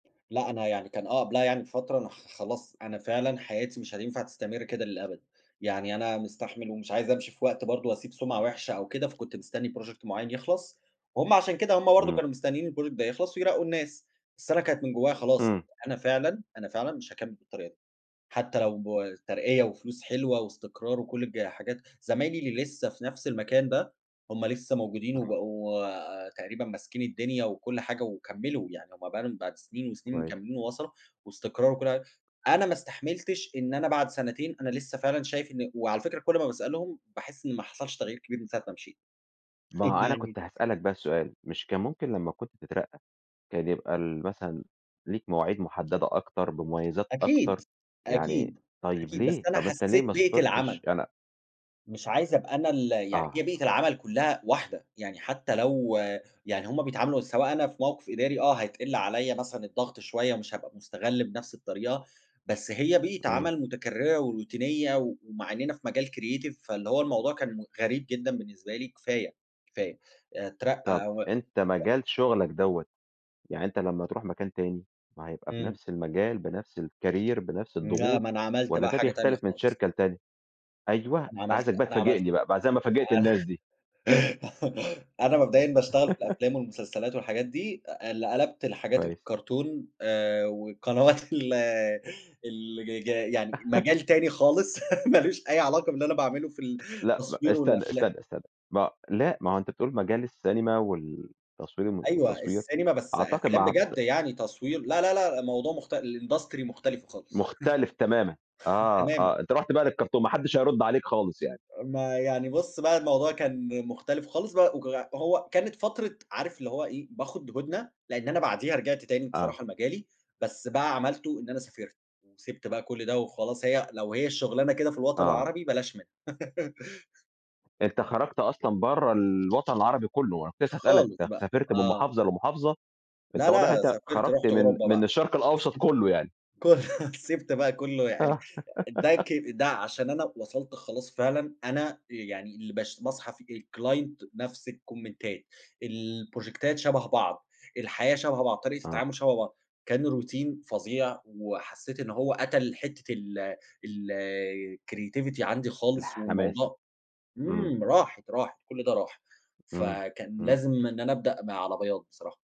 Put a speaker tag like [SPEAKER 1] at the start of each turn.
[SPEAKER 1] لأ، أنا يعني كان آه، قبلها يعني بفترة أنا ح خلاص أنا فعلًا حياتي مش هتنفع تستمر كده للأبد، يعني أنا مستحمل ومش عايز أمشي في وقت برضه وأسيب سمعة وحشة أو كده، فكنت مستني Project مُعيّن يخلص، وهُم عشان كده هُم برضه
[SPEAKER 2] إمم.
[SPEAKER 1] كانوا مستنيين الProject ده يخلص ويرقّوا الناس، بس أنا كانت من جوايا خلاص،
[SPEAKER 2] إمم.
[SPEAKER 1] أنا فعلًا، أنا فعلًا مش هاكمل بالطريقة دي، حتى لو ترقية وفلوس حلوة واستقرار، وكُلّ الجا الحاجات زمايلي اللي لسّه في نفس المكان ده، هُم لسه موجودين
[SPEAKER 2] آه.
[SPEAKER 1] وبقوا تقريبًا ماسكين الدنيا وكُلّ حاجة وكملوا، يعني هُم بقى لهم بعد سنين وسنين
[SPEAKER 2] كويس.
[SPEAKER 1] مكملين ووصلوا، واستقرار وكُلّ حاجة، أنا ما استحملتش إن أنا بعد سنتين أنا لسه فعلًا شايف إن وعلى فكرة كُلّ ما باسألهم، باحِسّ إن ما حصلش تغيير كبير من ساعة ما مشيت،
[SPEAKER 2] ما هو أنا كنت
[SPEAKER 1] [unintelligible]
[SPEAKER 2] هاسألك بقي سؤال، مش كان ممكن لمّا كنت تترقى، كان يبقى ال مثلًا ليك مواعيد مُحددة أكتر، بمُميزات أكتر
[SPEAKER 1] أكيد،
[SPEAKER 2] يعني
[SPEAKER 1] أكيد،
[SPEAKER 2] طيب
[SPEAKER 1] أكيد، بس
[SPEAKER 2] ليه؟
[SPEAKER 1] أنا
[SPEAKER 2] طب أنت ليه
[SPEAKER 1] حَسّيت
[SPEAKER 2] ما
[SPEAKER 1] بيئة
[SPEAKER 2] صبرتش؟
[SPEAKER 1] العمل.
[SPEAKER 2] أنا
[SPEAKER 1] مش عايز أبقى أنا ال يعني هي
[SPEAKER 2] آه.
[SPEAKER 1] بيئة العمل كُلّها واحدة، يعني حتى لو يعني هُم بيتعاملوا سواء أنا في موقف إداري آه، هيتقِل عليّا مثلًا الضغط شوية، مش هابقى مُستغَل بنفس الطريقة، بس هي بيئة
[SPEAKER 2] إمم.
[SPEAKER 1] عمل مُتكررة وروتينية و ومع إننا في مجال Creative فاللي هو الموضوع كان م غريب جدًا بالنسبة لي، كفاية، كفاية
[SPEAKER 2] طب
[SPEAKER 1] اترقي أو
[SPEAKER 2] أنت مجال شُغلَك دوّة، يعني أنت لمّا تروح مكان تاني، ما هيبقى
[SPEAKER 1] إمم.
[SPEAKER 2] بنفس المجال بنفس الCareer بنفس
[SPEAKER 1] لأ
[SPEAKER 2] الضغوط،
[SPEAKER 1] ما أنا عملت
[SPEAKER 2] والّا
[SPEAKER 1] بقى
[SPEAKER 2] ده
[SPEAKER 1] حاجة تانية
[SPEAKER 2] بيختلف من
[SPEAKER 1] خالص.
[SPEAKER 2] شركة لتانية؟ أيوه،
[SPEAKER 1] أنا عملت
[SPEAKER 2] عايزَك بقى
[SPEAKER 1] أنا عملت
[SPEAKER 2] تفاجئني بقى، بقي زي ما فاجئت
[SPEAKER 1] أنا
[SPEAKER 2] الناس دي.
[SPEAKER 1] أنا مبدئيًا باشتغل في الأفلام والمسلسلات والحاجات دي، آآ ل قلبت الحاجات
[SPEAKER 2] كويس.
[SPEAKER 1] الكارتون، آآ وقنوات ال ال جج يعني مجال تاني خالص، مالوش أي علاقة باللي أنا باعمله في
[SPEAKER 2] لأ، ب
[SPEAKER 1] التصوير
[SPEAKER 2] استنى،
[SPEAKER 1] والأفلام.
[SPEAKER 2] استنى، استنى ما لأ، ما هو أنت بتقول مجال السينما والتصوير الم
[SPEAKER 1] أيوه،
[SPEAKER 2] والتصوير،
[SPEAKER 1] السينما بس
[SPEAKER 2] أعتقد
[SPEAKER 1] أفلام
[SPEAKER 2] مع ت
[SPEAKER 1] بجد يعني تصوير لا لا لأ، موضوع مخت الIndustry مختلفة خالص.
[SPEAKER 2] مُختلف تمامًا، آه،
[SPEAKER 1] تمامًا.
[SPEAKER 2] آه، أنت رُحت بقى للكارتون، ما حدش هيرد عليك خالص يعني.
[SPEAKER 1] ما يعني بُص بقى الموضوع كان مُختلف خالص بق وك وهو كانت فترة عارف اللي هو إيه باخد هُدنة، لإن أنا بعديها رجعت تاني
[SPEAKER 2] آه.
[SPEAKER 1] بصراحة لمجالي، بس بقى عملتُه إن أنا سافرت، سِبت بقى كُلّ ده وخلاص هي لو هي الشُغلانة كده في الوطن
[SPEAKER 2] آه.
[SPEAKER 1] العربي بلاش منها.
[SPEAKER 2] أنت خرجت أصلًا برَّا ال الوطن العربي كُلّه، أنا كنت لسه هاسألَك،
[SPEAKER 1] خالص
[SPEAKER 2] أنت
[SPEAKER 1] بقى،
[SPEAKER 2] سافرت من
[SPEAKER 1] آه.
[SPEAKER 2] مُحافظة لمُحافظة؟ أنت
[SPEAKER 1] لأ
[SPEAKER 2] واضح إن
[SPEAKER 1] لأ،
[SPEAKER 2] أنت
[SPEAKER 1] سافرت
[SPEAKER 2] خرجت
[SPEAKER 1] رُحت
[SPEAKER 2] من
[SPEAKER 1] أوروبا
[SPEAKER 2] من
[SPEAKER 1] بقى.
[SPEAKER 2] الشرق الأوسط كُلّه يعني.
[SPEAKER 1] [unintelligible] كُ سِبت بقى كُلُّه يعني،
[SPEAKER 2] آه.
[SPEAKER 1] ده ك ده عشان أنا وصلت خلاص فعلًا، أنا يعني اللي بش باصحى في الClient نفس الكومنتات البروجيكتات شبه بعض، الحياة شبه بعض، طريقة
[SPEAKER 2] آه.
[SPEAKER 1] التعامُل شبه بعض، كان Routine فظيع، وحسّيت إن هو قتل حتّة ال الCreativity عندي خالص،
[SPEAKER 2] الحماس،
[SPEAKER 1] والموضوع
[SPEAKER 2] إمم.
[SPEAKER 1] إمم راحت، راحت كُلّ ده راح،
[SPEAKER 2] إمم،
[SPEAKER 1] فكان
[SPEAKER 2] إمم.
[SPEAKER 1] لازم إن أنا أبدأ م علي بياض بصراحة.